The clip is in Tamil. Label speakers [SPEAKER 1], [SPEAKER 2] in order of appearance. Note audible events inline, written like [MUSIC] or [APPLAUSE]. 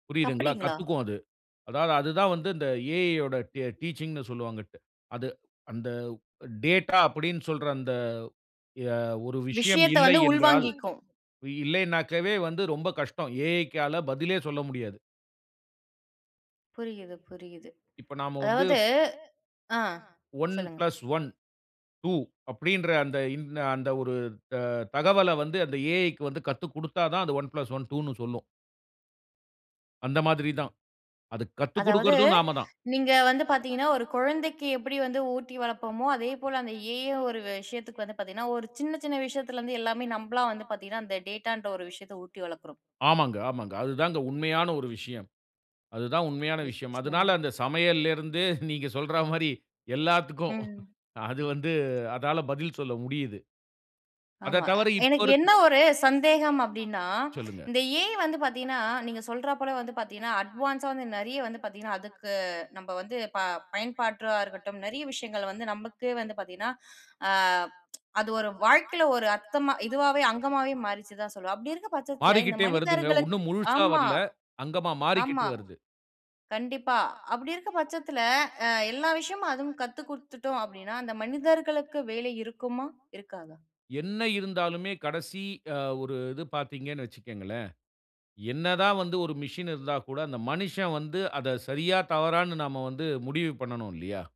[SPEAKER 1] புரியிதுங்கிளா?
[SPEAKER 2] அப்டிங்களா?
[SPEAKER 1] கத்துக்கும் அது. அதாவது அதுதா வந்து இந்த ஏஐ உடைய டீ டீச்சிங்னு சொல்வாங்க. அது அந்த டேட்டா அப்படினு சொல்ற அந்த ய ஒரு விஷயம்
[SPEAKER 2] விஷயத்த
[SPEAKER 1] இல்லை
[SPEAKER 2] வந்து
[SPEAKER 1] என்றால்
[SPEAKER 2] உள்வாங்கிக்கும்.
[SPEAKER 1] இல்லைனாக்கவே வந்து ரொம்ப கஷ்டம். ஏஐகால பதிலே சொல்ல முடியாது.
[SPEAKER 2] புரியுது புரியுது.
[SPEAKER 1] இப்ப நாம வந்து
[SPEAKER 2] அதாவது ஆ
[SPEAKER 1] 1
[SPEAKER 2] சொல்லுங்க.
[SPEAKER 1] பிளஸ் 1 2 அப்படின்ற அந்த இன் அந்த ஒரு த தகவல வந்து அந்த ஏஐ வந்து கத்துக்குடுத்தா தான் அது 1 பிளஸ் 1 2ன்னு சொல்லும். அந்த மாதிரிதான். அதுக் கத்துக்
[SPEAKER 2] அதாவது
[SPEAKER 1] குடுக்கறதும் நாமதான்.
[SPEAKER 2] நீங்க வந்து பார்த்திங்கன்னா, ஒரு கொழந்தைக்கு எப்படி வந்து ஊட்டி வளப்போமோ, அதேபோல அந்த ஏஐ ஒரு விஷயத்துக்கு வந்து பார்த்திங்கன்னா, ஒரு சின்ன, சின்ன விஷயத்திலருந்து எல்லாமே நம்பளா வந்து பார்த்திங்கன்னா, அந்த டேட்டான்ற ஒரு விஷயத்த ஊட்டி வளர்க்கிறோம்.
[SPEAKER 1] ஆமாங்க, ஆமாங்க. அதுதாங்க உண்மையான ஒரு விஷயம். அதுதா உண்மையான விஷயம். அதனால
[SPEAKER 2] நிச்சயமா.
[SPEAKER 1] அந்த சமையல்ல இருந்து [SNORTS] நீங்க சொல்ற மாரி எல்லாத்துக்கு
[SPEAKER 2] ம்.
[SPEAKER 1] அது வந்து அதால பதில் சொல்ல முடியுது.
[SPEAKER 2] ஆமா.
[SPEAKER 1] அதத் தவிர இப்போ
[SPEAKER 2] எனக்கு
[SPEAKER 1] இருக்க
[SPEAKER 2] என்ன ஒரு சந்தேகம் அப்டினா,
[SPEAKER 1] சொல்லுங்க.
[SPEAKER 2] இந்த ஏஐ வந்து பார்த்தீங்கனா நீங்க சொல்றா போல வந்து பார்த்தீங்கனா, அட்வான்ஸா வந்து நெறைய வந்து பார்த்தீங்கனா, அதுக்கு நம்ப வந்து ப பயன்பாட்டா இருக்கட்டும் நெறைய விஷயங்கள் வந்து நமக்கே வந்து பார்த்தீங்கனா, அ அது ஒரு வாழ்க்கையில ஒரு அர்த்தமா இதுவாகவே அங்கமாகவே மாறிருச்சு தான் சொல்லுவோம். அப்படி இருக்கிற பட்சத்தில இந்த
[SPEAKER 1] மாறிக்கிட்டே வருதுங்க.
[SPEAKER 2] மனிதர்களுக்கு
[SPEAKER 1] உன்னும் முழுசா
[SPEAKER 2] ஆமா
[SPEAKER 1] வரல. அங்கமா மாறிக்கிட்டு
[SPEAKER 2] ஆமா.
[SPEAKER 1] வருது.
[SPEAKER 2] கண்டிப்பா அப்படி இருக்கிற பட்சத்தில அ எல்லா விஷயமும் அதுவும் கத்து குடுத்துட்டோம் அப்படினா அந்த மனிதர்களுக்கு வேலை இருக்குமா? இருக்காதா?
[SPEAKER 1] என்ன இருந்தாலுமே கடசி அ ஒரு இது பார்த்தீங்கனு வச்சுகீங்களேன். என்ன தா வந்து ஒரு மிசின் இருந்தா கூட அந்த மனிசன் வந்து அத சரியா தவறானு நாம வந்து முடிவு பண்ணனு இல்லையா?